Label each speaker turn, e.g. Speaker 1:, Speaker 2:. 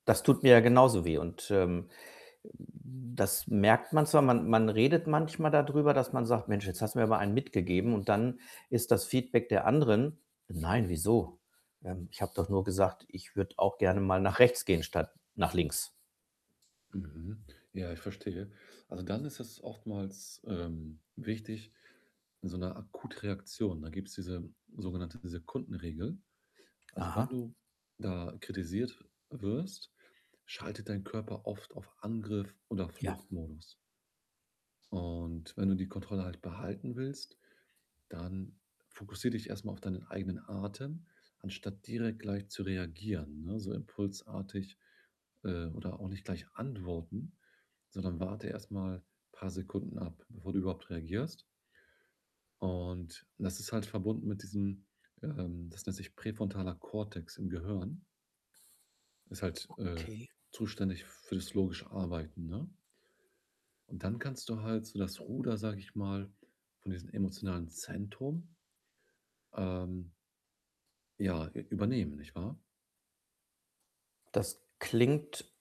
Speaker 1: Das tut mir ja genauso weh. Und, ähm, äh, das merkt man zwar. Man man redet manchmal dadrüber, dass man sagt: „Mensch, jetzt hast du mir aber einen mitgegeben.“ und dann ist das Feedback der anderen: „Nein, wieso? Ähm, ich habe doch nur gesagt, ich würde auch gerne mal nach rechts gehen statt nach links.“
Speaker 2: Mhm. Ja, ich verstehe. Also, dann ist das oftmals, ähm, wichtig in so 'ner Akutreaktion, da gibt's diese sogenannte Sekundenregel. Also, wenn
Speaker 1: Aha.
Speaker 2: du da kritisiert wirst, schaltet dein Körper oft auf Angriff oder
Speaker 1: Ja.
Speaker 2: Fluchtmodus. Und wenn du die Kontrolle halt behalten willst, dann fokussiere dich erst mal auf deinen eigenen Atem, anstatt direkt gleich zu reagieren, ne, so impulsartig. Äh, oder auch nicht gleich antworten, sondern warte erst mal paar Sekunden ab, bevor du überhaupt reagierst. Und das ist halt verbunden mit diesem ähm, das nennt sich präfrontaler Cortex im Gehirn. Ist halt, äh,
Speaker 1: Okay.
Speaker 2: zuständig für das logische Arbeiten, ne? Und dann kannst du halt so das Ruder, sage ich mal, von diesem emotionalen Zentrum, ähm ja, ü übernehmen, nicht wahr?
Speaker 1: Das klingt